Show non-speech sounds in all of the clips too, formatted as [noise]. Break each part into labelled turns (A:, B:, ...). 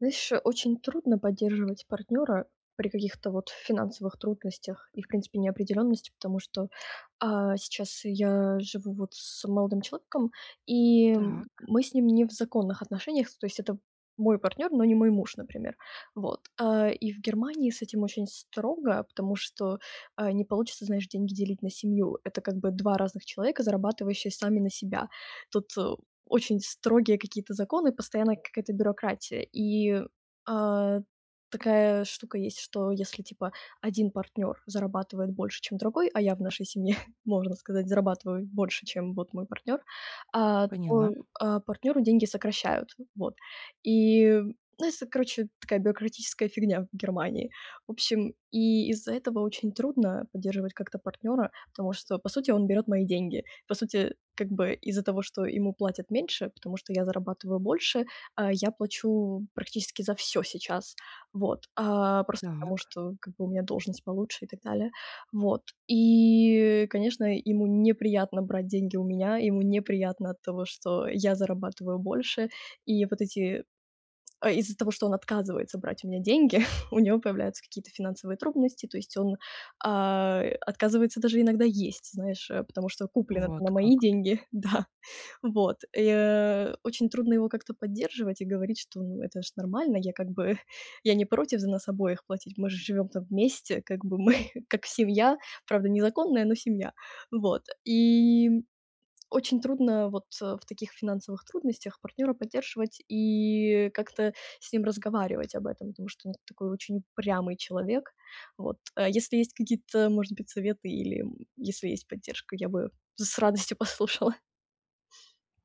A: Знаешь, очень трудно поддерживать партнера при каких-то вот финансовых трудностях, и, в принципе, неопределенности, потому что, а, сейчас я живу вот с молодым человеком и
B: Так.
A: мы с ним не в законных отношениях, то есть это мой партнер, но не мой муж, например. Вот, а, и в Германии с этим очень строго, потому что, а, не получится значит деньги делить на семью. Это как бы 2 разных человека, зарабатывающие сами на себя. Тут очень строгие какие-то законы, постоянно какая-то бюрократия. И, а, такая штука есть, что если типа один партнёр зарабатывает больше, чем другой, а я в нашей семье, [chuckles] можно сказать, зарабатываю больше, чем вот мой партнер, а,
B: Поняла.
A: то, а, партнеру деньги сокращают. Вот и это короче такая бюрократическая фигня в Германии. В общем, и из-за этого очень трудно поддерживать как-то партнера, потому что по сути он берёт мои деньги, по сути как бы из-за того, что ему платят меньше, потому что я зарабатываю больше, а, я плачу практически за всё сейчас. Вот, а, просто потому
B: Так.
A: что как бы у меня должность получше и так далее. Вот, и конечно, ему неприятно брать деньги у меня, ему неприятно от того, что я зарабатываю больше и вот эти а, из-за того, что он отказывается брать у меня деньги, [chuckles] у него появляются какие-то финансовые трудности, то есть он, а, отказывается даже иногда есть, знаешь, потому что куплено-то на
B: Вот
A: мои
B: как.
A: деньги, да, вот. И, э, очень трудно его как-то поддерживать и говорить, что "ну это же нормально, я как бы я не против за нас обоих платить, мы же живем там вместе, как бы мы [chuckles] как семья", правда незаконная, но семья. Вот, и очень трудно вот в таких финансовых трудностях партнера поддерживать и как-то с ним разговаривать об этом, потому что он такой очень упрямый человек. Вот. А, если есть какие-то, может быть, советы или, м, если есть поддержка, я бы с радостью послушала.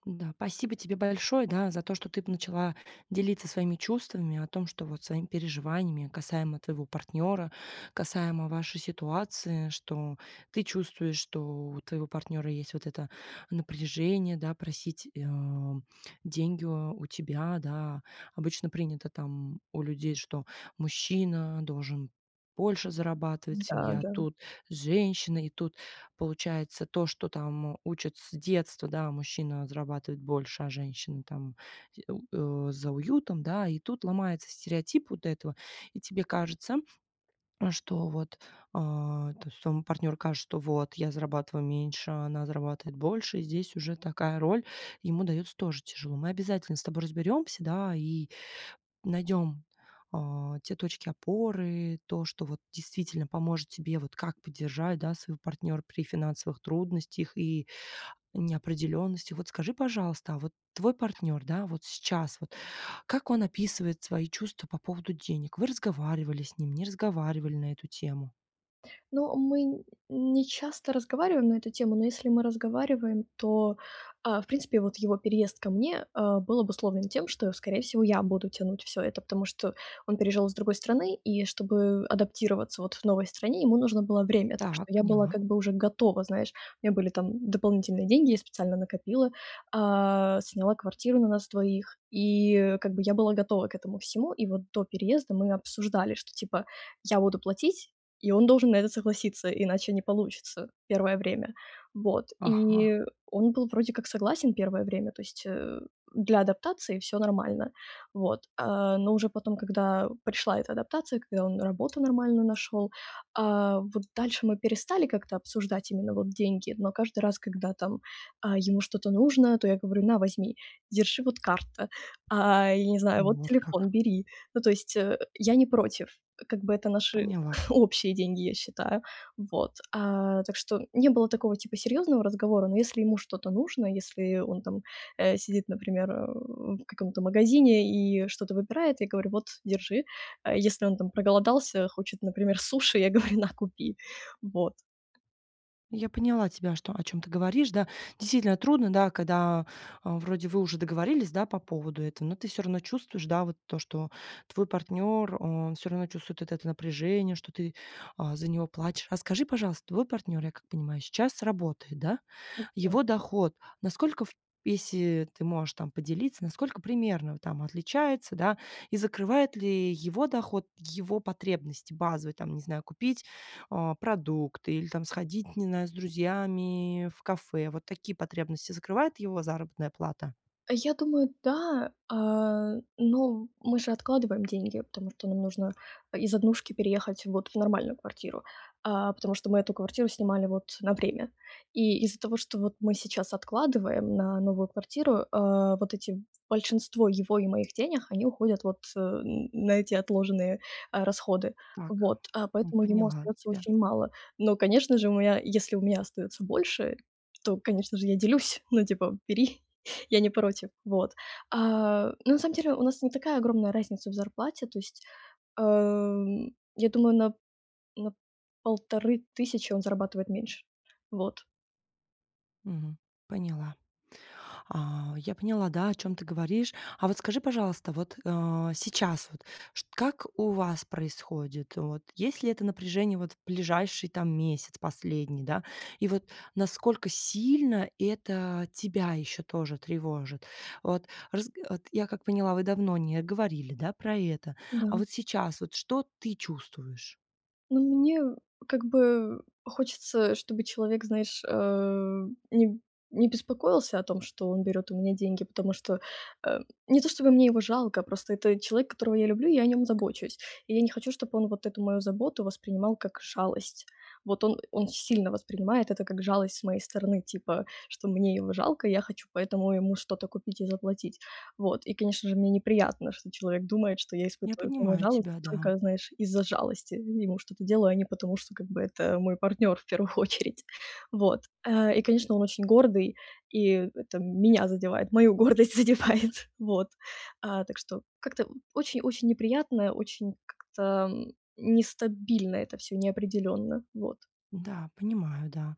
B: Да, пасибо тебе большое, да, за то, что ты начала делиться своими чувствами о том, что вот своими переживаниями касаемо твоего партнера, касаемо вашей ситуации, что ты чувствуешь, что у твоего партнера есть вот это напряжение, да, просить, э, тебя деньги у тебя, да. Обычно принято там у людей, что мужчина должен больше зарабатывать,
A: Да,
B: семья
A: да.
B: тут, женщина. И тут получается, то, что там учат с детства, да- мужчина зарабатывает больше, а женщина там з у э, за уютом, да. И тут ломается стереотип вот этого. И тебе кажется, что вот а, то есть твоему партнёру кажется, что вот я зарабатываю меньше, а она зарабатывает больше. И здесь уже такая роль ему дается тоже тяжело. Мы обязательно с тобой разберемся, да, и найдем, а, те точки опоры, то, что вот действительно поможет тебе, вот как поддержать, да, своего партнера при финансовых трудностях и неопределенности. Вот скажи, пожалуйста, а вот твой партнер, да, вот сейчас вот как он описывает свои чувства по поводу денег? Вы разговаривали с ним, не разговаривали на эту тему?
A: Ну, мы не часто разговариваем на эту тему, но если мы разговариваем, то, а, в принципе, вот его переезд ко мне, э, был обусловлен тем, что, скорее всего, я буду тянуть всё это, потому что он переезжал из другой страны, и чтобы адаптироваться вот в новой стране, ему нужно было время. Так что
B: Так
A: я была
B: поняла.
A: как бы уже готова, знаешь, у меня были там дополнительные деньги, я специально накопила, а, сняла квартиру на нас двоих, и как бы я была готова к этому всему. И вот до переезда мы обсуждали, что типа я буду платить, и он должен на это согласиться, иначе не получится первое время. Вот,
B: Ага.
A: и он был вроде как согласен первое время, то есть, э, для адаптации всё нормально. Вот. А, но уже потом, когда пришла эта адаптация, когда он работу нормально нашел, а, вот дальше мы перестали как-то обсуждать именно вот деньги, но каждый раз, когда там, а, ему что-то нужно, то я говорю: "На, возьми, держи, вот карта, а, я не знаю,
B: Ну
A: вот
B: вот как.
A: телефон бери". Ну, то есть, э, я не против, как бы это наши
B: Поняла.
A: [chuckles] общие деньги, я считаю. Вот. А, так что не было такого типа серьезного разговора, но если ему что-то нужно, если он там, э, сидит, например, э, в каком-то магазине и что-то выбирает, я говорю: "Вот, держи". Если он там проголодался, хочет, например, суши, я говорю: "На, купи". Вот.
B: Я поняла тебя, что, о чём ты говоришь, да. Действительно, трудно, да, когда, э, вроде вы уже договорились, да, по поводу этого, но ты всё равно чувствуешь, да, вот то, что твой партнер, он всё равно чувствует вот это напряжение, что ты, а, за него плачешь. А скажи, пожалуйста, твой партнер, я как понимаю, сейчас работает, да?
A: У тё
B: Его доход- насколько, в если ты можешь там поделиться, насколько примерно он там отличается, да? И закрывает ли его доход его потребности базовые, там, не знаю, купить, э, продукты или там сходить, не знаю, с друзьями в кафе? Вот такие потребности закрывает его заработная плата?
A: Я думаю, да, э, но мы же откладываем деньги, потому что нам нужно из однушки переехать вот в нормальную квартиру, а, потому что мы эту квартиру снимали вот на время. И из-за того, что вот мы сейчас откладываем на новую квартиру, э, вот эти большинство его и моих денег, они уходят вот н на эти отложенные, а, расходы.
B: Так.
A: Вот, а
B: М,
A: поэтому ему
B: поняла
A: остается
B: тебя.
A: очень мало. Но, конечно же, мы, а, если у меня остается больше, то, конечно же, я делюсь, ну, типа: "Бери", [inhales] я не против. Вот. А, ну, на самом деле у нас не такая огромная разница в зарплате. То есть, эм, я думаю, на на 1500 он зарабатывает меньше. Вот.
B: Мгм, поняла. А, я поняла, да, о чём ты говоришь. А вот скажи, пожалуйста, вот, а сейчас вот, ш как у вас происходит? Вот есть ли это напряжение вот в ближайший там месяц последний, да? И вот насколько сильно это тебя ещё тоже тревожит? Вот раз вот, я как поняла, вы давно не говорили, да, про это. А
A: Да.
B: вот сейчас, вот что ты чувствуешь?
A: Ну, мне как бы хочется, чтобы человек, знаешь, э, не б не беспокоился о том, что он берёт у меня деньги, потому что, эм, не то чтобы мне его жалко, просто это человек, которого я люблю и о нём забочусь, и я не хочу, чтобы он вот эту мою заботу воспринимал как шалость. Вот он он сильно воспринимает это как жалость с моей стороны, типа, что мне его жалко, и я хочу поэтому ему что-то купить и заплатить. Вот и, конечно же, мне неприятно, что человек думает, что я
B: Я
A: испытываю к нему
B: понимаю
A: жалость
B: тебя,
A: и
B: да.
A: только, знаешь, из-за жалости ему что-то делаю, а не потому что, как бы, это мой партнёр в 1 очередь. Вот, э, и, конечно, он очень гордый, и это меня задевает, мою гордость задевает. Вот, а, так что как-то очень очень неприятно, очень как-то, м, нестабильно это всё, неопределённо. Вот.
B: Да, понимаю, да.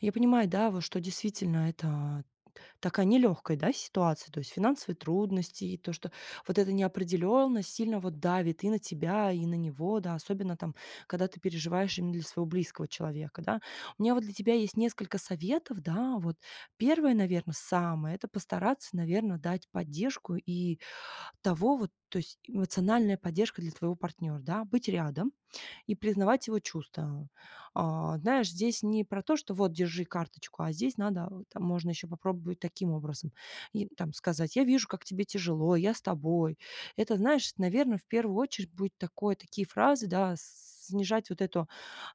B: Я понимаю, да, вот что действительно это т такая нелёгкая, да, ситуация, то есть финансовые трудности и то, что вот эта неопределённость сильно вот давит и на тебя, и на него, да. Особенно там, когда ты переживаешь именно для своего близкого человека, да. У меня вот для тебя есть несколько советов, да. Вот первое, наверно, самое это постараться, наверное, дать поддержку и того вот, то есть эмоциональная поддержка для твоего партнёра, да, быть рядом и признавать его чувства. А, знаешь, здесь не про то, что вот: "Держи карточку", а здесь надо, вот там можно ещё попробовать таким образом и там сказать: "Я вижу, как тебе тяжело, я с тобой". Это, знаешь, наверно, в 1 очередь будет такое такие фразы, да, с снижать вот это,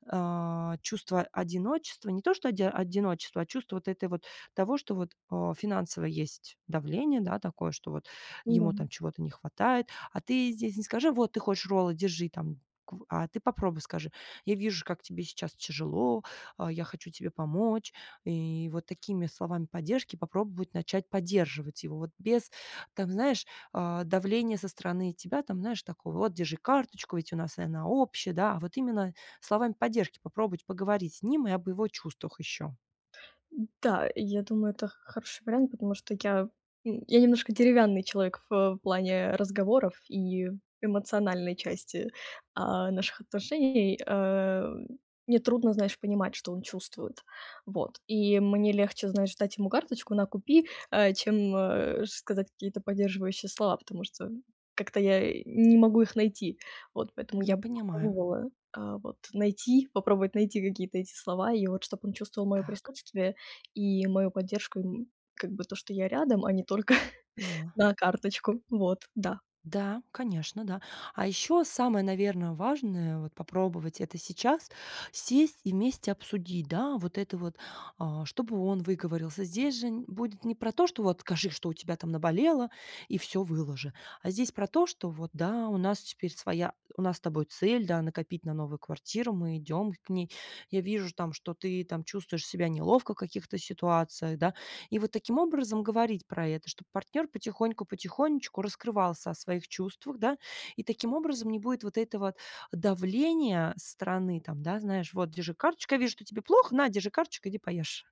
B: а, чувство одиночества. Не то, что оди одиночество, а чувство вот этой вот того, что вот, а, финансово есть давление, да, такое, что вот
A: Да.
B: ему там чего-то не хватает, а ты здесь не скажи: "Вот ты хочешь роллы, держи там кв". А ты попробуй скажи: "Я вижу, как тебе сейчас тяжело, а, я хочу тебе помочь". И вот такими словами поддержки попробовать начать поддерживать его, вот без, там знаешь, а, давления со стороны тебя там, знаешь, такого: "Вот держи карточку, ведь у нас она общая", да. А вот именно словами поддержки попробовать поговорить с ним и об его чувствах ещё.
A: Да, я думаю, это х хороший вариант, потому что я н я немножко деревянный человек в плане разговоров и эмоциональной части, а, наших отношений. Э, мне трудно, знаешь, понимать, что он чувствует. Вот и мне легче, знаешь, дать ему карточку: "На, купи", э, чем, э, сказать какие-то поддерживающие слова, потому что как-то я, э, не могу их найти. Вот поэтому
B: Я
A: я бы
B: понимаю.
A: попробовала, а, вот найти, попробовать найти какие-то эти слова и вот чтоб он чувствовал моё
B: Так.
A: присутствие и мою поддержку, и м как бы то, что я рядом, а не только:
B: Поняла.
A: "На, карточку". Вот, да.
B: Да, конечно, да. А ещё самое, наверно, важное- вот попробовать это сейчас, сесть и вместе обсудить, да, вот это вот, а, чтобы он выговорился. Здесь же будет не про то, что вот: "Скажи, что у тебя там наболело и всё выложи". А здесь про то, что: "Вот да, у нас теперь своя у нас с тобой цель, да, накопить на новую квартиру. Мы идем к ней. Я вижу ж там, что ты там чувствуешь себя неловко в каких-то ситуациях". Да, и вот таким образом говорить про это, чтоб партнёр потихоньку, потихонечку раскрывался о своих чувствах, да. И таким образом не будет вот этого давления со стороны. Там, да, знаешь: "Вот держи карточка я вижу, что тебе плохо. На, держи карточку, иди поешь".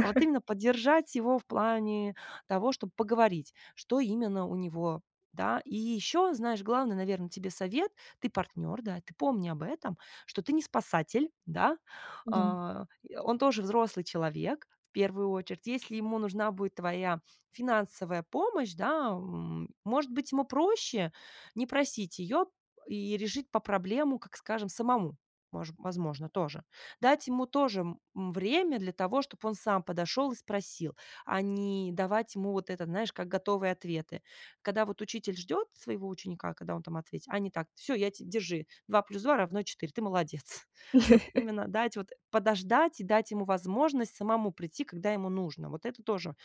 B: А вот именно поддержать его в плане того, чтобы поговорить, что именно у него, да. И ещё, знаешь, главный, наверно, тебе совет- ты партнёр, да, ты помни об этом, что ты не спасатель, да.
A: Идём.
B: А, и он тоже взрослый человек, в 1 очередь. Если ему нужна будет твоя финансовая помощь, да, м, может быть, ему проще не просить её и решить па проблему, как скажем, самому, мож возможно, тоже. Дать ему тоже, м, время для того, чтоб он сам подошёл и спросил, а не давать ему вот это, знаешь, как готовые ответы. Когда вот учитель ждёт своего ученика, когда он там ответит, а не так: "Всё, я те держи 2+2 равно 4, ты молодец". Вот
A: [chuckles]
B: именно дать вот, подождать и дать ему возможность самому прийти, когда ему нужно. Вот это тоже,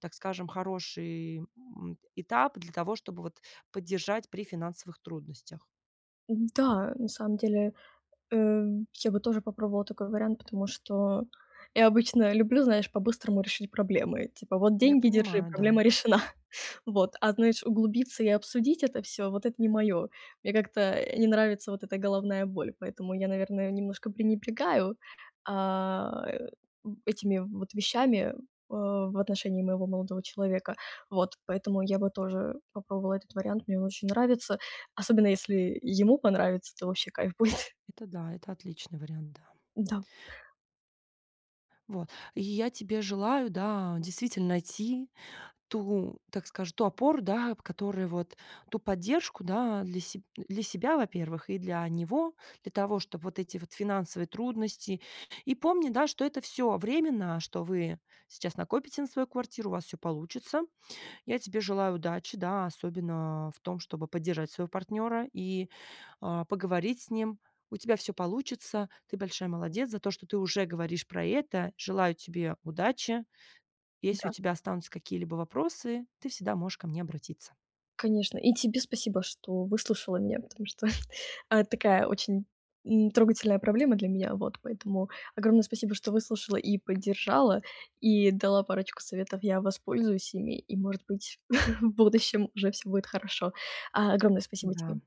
B: так скажем, хороший, м, этап для того, чтобы вот поддержать при финансовых трудностях.
A: М, да, на самом деле, э, я бы тоже попробовала такой вариант, потому что я обычно люблю, знаешь, по-быстрому решить проблемы: типа: "Вот
B: Я
A: деньги, держи,
B: понимаю, да.
A: проблема решена". Вот. А, знаешь, углубиться и обсудить это всё- вот это не моё. Мне как-то, э, не нравится вот эта головная боль, поэтому я, наверное, немножко пренебрегаю, а, э, этими вот вещами, о в отношении моего молодого человека. Вот. Поэтому я бы тоже попробовала этот вариант. Мне он очень нравится. Особенно если ему понравится, то вообще кайф будет.
B: Это да, это отличный вариант, да.
A: Да.
B: Вот, и я тебе желаю, да, действительно найти ту, так скажу, ту опору, да, которая вот Ту поддержку, да? Для себ для себя, во-первых, и для него, для того, чтобы вот эти вот финансовые трудности И помни, да, что это всё временно, что вы сейчас накопите на свою квартиру, у вас всё получится. Я тебе желаю удачи, да? Особенно, в том, чтобы поддержать своего партнера и, а, поговорить с ним. У тебя всё получится. Ты большая молодец за то, что ты уже говоришь про это. Желаю тебе удачи. Если у
A: Да.
B: тебя останутся какие-либо вопросы, ты всегда можешь ко мне обратиться.
A: Конечно, и тебе спасибо, что выслушала меня, потому что, а, это такая очень н трогательная проблема для меня. Вот. Поэтому огромное спасибо, что выслушала и поддержала, и дала парочку советов. Я воспользуюсь ими, и, может быть, [chuckles] в будущем уже всё будет хорошо. А, огромное спасибо
B: Да.
A: тебе!